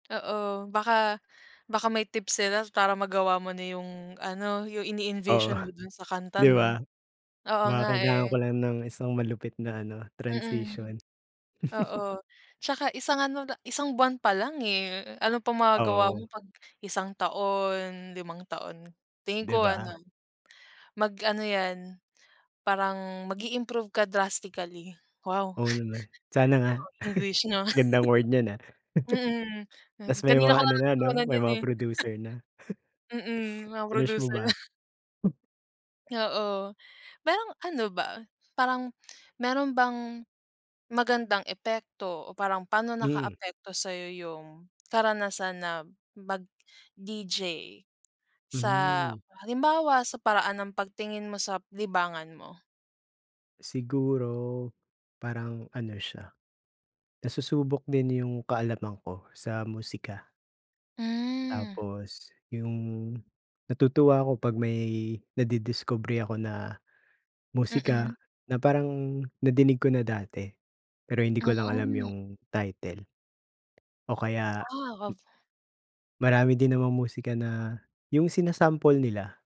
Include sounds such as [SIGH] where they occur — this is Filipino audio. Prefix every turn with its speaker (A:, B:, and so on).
A: Oo, baka baka may tips sila para magawa mo na yung ano, yung
B: Oo,
A: ini-envision mo
B: [SCOFFS]
A: dun sa kanta
B: di
A: 'no.
B: ba?
A: Oo
B: Baka
A: nga,
B: kailangan
A: eh.
B: ko lang ng isang malupit na ano,
A: Mm.
B: transition.
A: Oo.
B: [CHUCKLES]
A: Tsaka isang ano la isang buwan pa lang, eh. Ano pang magagawa mo
B: Oo.
A: 'pag isang taon, limang taon, tingin
B: Di
A: ko ano,
B: ba?
A: mag-ano 'yan, parang mag-iimprove ka drastically. Wow!
B: Oo naman. Sana nga. [SCOFFS]
A: English na.
B: Gandang word niyan, ah.
A: [CHUCKLES] Mm.
B: [CHUCKLES]
A: 'Yan,
B: Ta's may
A: kanina
B: mga
A: ko
B: ano
A: lang
B: na 'no,
A: natutunan
B: may
A: 'yan,
B: mga
A: eh.
B: producer na.
A: [CHUCKLES]
B: [CHUCKLES]
A: Mm, mga
B: Winish mo
A: producer.
B: ba?
A: [SCOFFS] Oo. Parang ano ba, parang meron bang magandang epekto o parang pa'no
B: Hmm.
A: nakaapekto sa'yo yung karanasan na mag-DJ? Sa
B: Hmm.
A: halimbawa, sa paraan ng pagtingin mo sa libangan mo?
B: Siguro, parang ano siya, nasusubok din yung kaalaman ko sa musika.
A: Hmm.
B: Tapos, yung natutuwa ako, 'pag may nadidiskubre ako na
A: Mm.
B: musika na parang nadinig ko na dati. Pero hindi ko lang alam
A: Hmm.
B: yung title. O kaya,
A: Ah, ako
B: m
A: b
B: Marami din namang musika na yung sinasample nila.